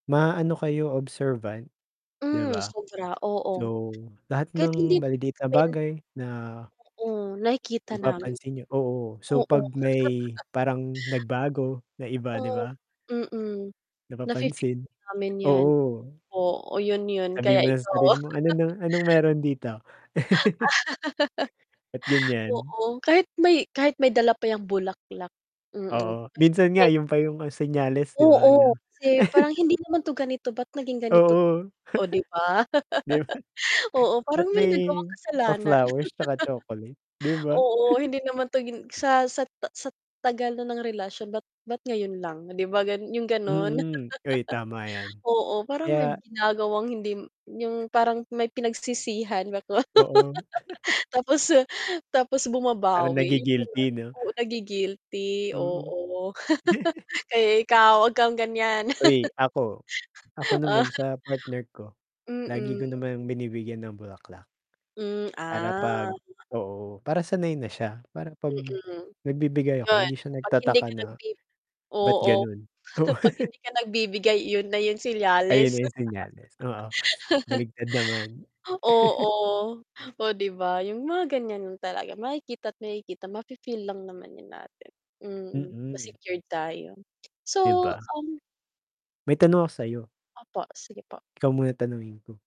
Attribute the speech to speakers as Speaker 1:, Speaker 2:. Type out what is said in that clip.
Speaker 1: Maano kayo, observant di
Speaker 2: Hmm.
Speaker 1: ba?
Speaker 2: Sobra, oo.
Speaker 1: So, lahat
Speaker 2: Kahit hindi
Speaker 1: ng maliliit
Speaker 2: I
Speaker 1: na
Speaker 2: mean
Speaker 1: bagay na
Speaker 2: Oo. Nakikita namin,
Speaker 1: mapapansin niyo. Oo, so
Speaker 2: Oo.
Speaker 1: 'pag may parang nagbago na iba, di
Speaker 2: Oh,
Speaker 1: ba?
Speaker 2: mm. Nafe-feel
Speaker 1: Napapansin,
Speaker 2: namin 'yan.
Speaker 1: oo.
Speaker 2: Oh, 'yun 'yun,
Speaker 1: Sabihin
Speaker 2: kaya
Speaker 1: mo sa
Speaker 2: ikaw
Speaker 1: sarili mo, ano ba anong meron dito? Ba't ganiyan?
Speaker 2: Oo, kahit may kahit may dala pa 'yang bulaklak, mm.
Speaker 1: Oo, minsan nga
Speaker 2: Kahit
Speaker 1: 'yun pa 'yung senyales, di ba,
Speaker 2: Oo.
Speaker 1: ano.
Speaker 2: Kasi parang hindi naman 'to ganito ba't naging ganito't
Speaker 1: Oo.
Speaker 2: Oh, di ba?
Speaker 1: 'Di ba,
Speaker 2: Oo, parang
Speaker 1: ba't
Speaker 2: may
Speaker 1: may
Speaker 2: nagawang kasalanan.
Speaker 1: pa-flowers tsaka chocolate, di ba?
Speaker 2: Oo, hindi naman 'to gin sa sat sat tagal na ng relasyon ba't ba't ngayon lang, di ba, gan 'yung gano'n.
Speaker 1: Mm. Uy, tama 'yan,
Speaker 2: Oo, parang may
Speaker 1: kaya
Speaker 2: ginagawang hindi 'yung parang may pinagsisihan ba ako,
Speaker 1: Oo.
Speaker 2: Tapos, ah, tapos
Speaker 1: Para
Speaker 2: bumabawi 'yun na lang.
Speaker 1: nagi-guilty 'no.
Speaker 2: Oo, nagi guilty,
Speaker 1: Mm.
Speaker 2: oo. Kaya ikaw 'wag kang ganiyan.
Speaker 1: Uy, ako. Ako naman sa partner ko, lagi ko
Speaker 2: Mm.
Speaker 1: naman binibigyan ng bulaklak,
Speaker 2: Hmm,
Speaker 1: para 'pag
Speaker 2: ah.
Speaker 1: oo, para sanay na siya. Para 'pag
Speaker 2: Mm,
Speaker 1: nagbibigay ako,
Speaker 2: 'yun
Speaker 1: hindi siya
Speaker 2: 'pag hindi
Speaker 1: nagtataka
Speaker 2: ka
Speaker 1: na,
Speaker 2: nagbibi
Speaker 1: ba't
Speaker 2: oo,
Speaker 1: gano'n? Oo.
Speaker 2: 'pag hindi ka nagbibigay 'yun na 'yung
Speaker 1: Ayan na
Speaker 2: senyales.
Speaker 1: 'yung senyales, oo. Baligtad naman.
Speaker 2: Oo. Oh, di ba, 'yung mga ganiyan talaga makikita't makikita, mafe feel lang naman 'yan natin. Mm, mas
Speaker 1: Mm.
Speaker 2: secured tayo.
Speaker 1: Di
Speaker 2: So,
Speaker 1: ba?
Speaker 2: um
Speaker 1: May tanong ako sa'yo?
Speaker 2: Opo, sige po.
Speaker 1: Ikaw muna tanungin ko.